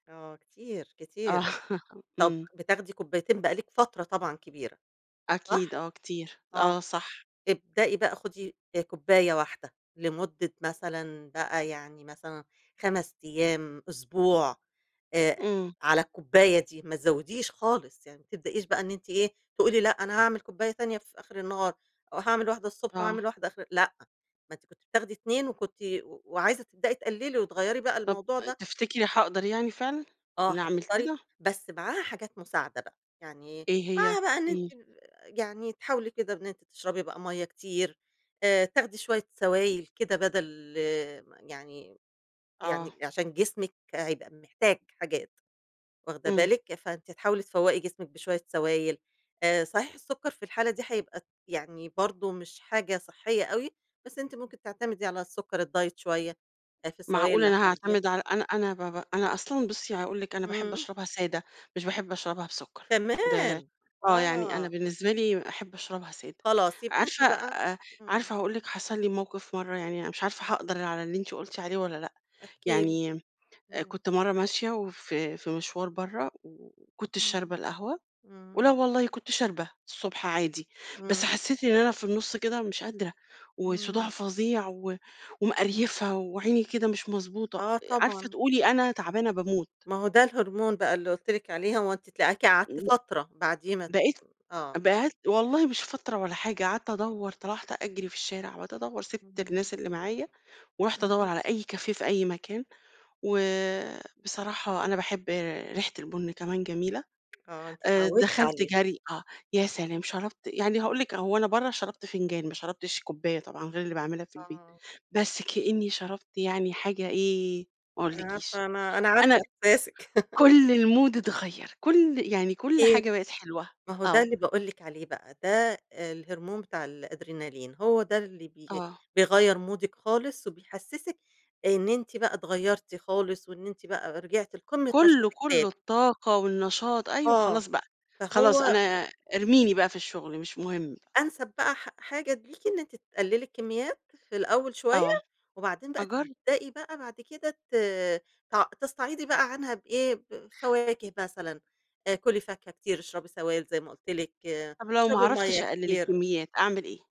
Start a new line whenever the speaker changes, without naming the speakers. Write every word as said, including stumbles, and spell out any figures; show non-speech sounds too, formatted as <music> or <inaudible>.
آه كتير
آه
كتير، طب
إمم.
بتاخدي كوبايتين بقى لِك فترة طبعًا كبيرة،
أكيد
صح؟
آه كتير،
آه،
آه صح.
ابدئي بقى خدي آآ كوباية واحدة لمدة مثلًا بقى يعني مثلًا خمس أيام، أسبوع، آآ،
إمم.
على الكوباية دي ما تزوديش خالص، يعني ما تبدئيش بقى إن أنتِ إيه تقولي لأ أنا هاعمل كوباية تانية في آخر النهار، أو هاعمل واحدة الصبح
آه.
وهاعمل واحدة آخر لأ، ما أنتِ كنت بتاخدي اتنين وكنتِ وعايزة تبدئي تقللي وتغيّري بقى
طب
الموضوع ده.
تفتكري هاقدر يعني فعلًا،
آه
إن أعمل
هتقدري،
كده؟
بس معاها حاجات مساعدة بقى، يعني
إيه هي؟
معاها بقى إن أنتِ
إمم.
يعني تحاولي كده إن أنتِ تشربي بقى مَيّة كتير، آآ، تاخدي شوية سوايل كده بدل يعني
آه
يعني عشان جسمِك هيبقى محتاج حاجات، واخدة
إمم.
بالِك، فأنتِ هتحاولي تفوّقي جسمِك بشوية سوايل، آآ، صحيح السكر في الحالة دي هيبقى يعني برضو مش حاجة صحّية أوي، بس أنتِ ممكن تعتمدي على السكر الدايت شوية، آآ، في السوايل
معقولة
اللي
أنا هاعتمد
هتاخديها.
على أنا أنا ب ب أنا أصلًا بُصّي هاقول لِك أنا باحب
إمم.
أشربها سادة، مش باحب أشربها بسكر، ده
كمان!
آه يعني أنا
آه.
بالنسبة لي أحب أشربها سادة،
خلاص يبقى أنتِ
عارفة
بقى
أ
إمم.
عارفة هاقول لِك حصل لي موقف مَرّة يعني أنا مش عارفة هاقدر على اللي أنتِ قلتِ عليه والّا لأ،
احكِ لي،
يعني
إمم.
كنت مَرّة ماشية وفي في مشوار برّا، وكنتش
إمم،
شاربة القهوة، ولأ
إمم.
والله كنت شاربة الصبح عادي، بس
إمم.
حسيت إن أنا في النُص كده مش قادرة وصداع
إمم.
فظيع و ومقريفة وعيني كده مش مضبوطة،
آه
عارفة
طبعًا.
تقولي أنا تعبانة باموت.
ما هو ده الهرمون بقى اللي قُلت لِك عليه هو أنتِ تلاقيكِ قعدتِ
ب
فترة بعديه ما ت
بقيت
آه.
بقيت والله مش فترة ولا حاجة، قعدت أدوّر طلعت أجري في الشارع وقعدت أدوّر، سِبت
إمم.
الناس اللي معايا ورُحت أدوّر
امم.
على أي كافيه في أي مكان، وبصراحة أنا باحب ريحة البُن كمان جميلة،
آه أنتِ
آآ،
اتعودتِ
دخلت
عليها،
جرْي آه، يا
إمم.
سلام، شربت يعني هاقول لِك هو أنا برّا شربت فنجان ما شربتش كوباية طبعًا غير اللي باعملها في البيت،
آه.
بس كأني شربت يعني حاجة إيه ما
أنا
أقولكيش،
عارفة أنا أنا عارفة
أنا
احساسِك. <laughs>
كُلّ المود اتغيّر، كُلّ يعني كُلّ
أكيد،
حاجة بقت حلوة،
ما هو ده
آه.
اللي باقول لِك عليه بقى، ده الهرمون بتاع الأدرينالين، هو ده اللي بي
آه.
بيغيّر مودِك خالص، وبيحسسِك إن أنتِ بقى اتغيّرتِ خالص، وإن أنتِ بقى رجعتِ لقمة
كلّه
نشاطِك
كلّه،
تاني.
الطاقة والنشاط، أيوه
آه،
خلاص بقى، خلاص
فهو
أنا ارميني بقى في الشغل مش مهم.
أنسب بقى حا حاجة ليكِ إن أنتِ تقللي الكميات في الأوّل
آه،
شوية، وبعدين بقى
أجرب.
تبدئي بقى بعد كده ت تع تستعيضي بقى عنها بإيه؟ بفواكه مثلًا، آآ، كُلي فاكهة كتير، اشربي سوايل زي ما قُلت لِك،
طب لو ما
اشربي مَيّة
عرفتش أقلل
كتير.
الكميات، أعمل إيه؟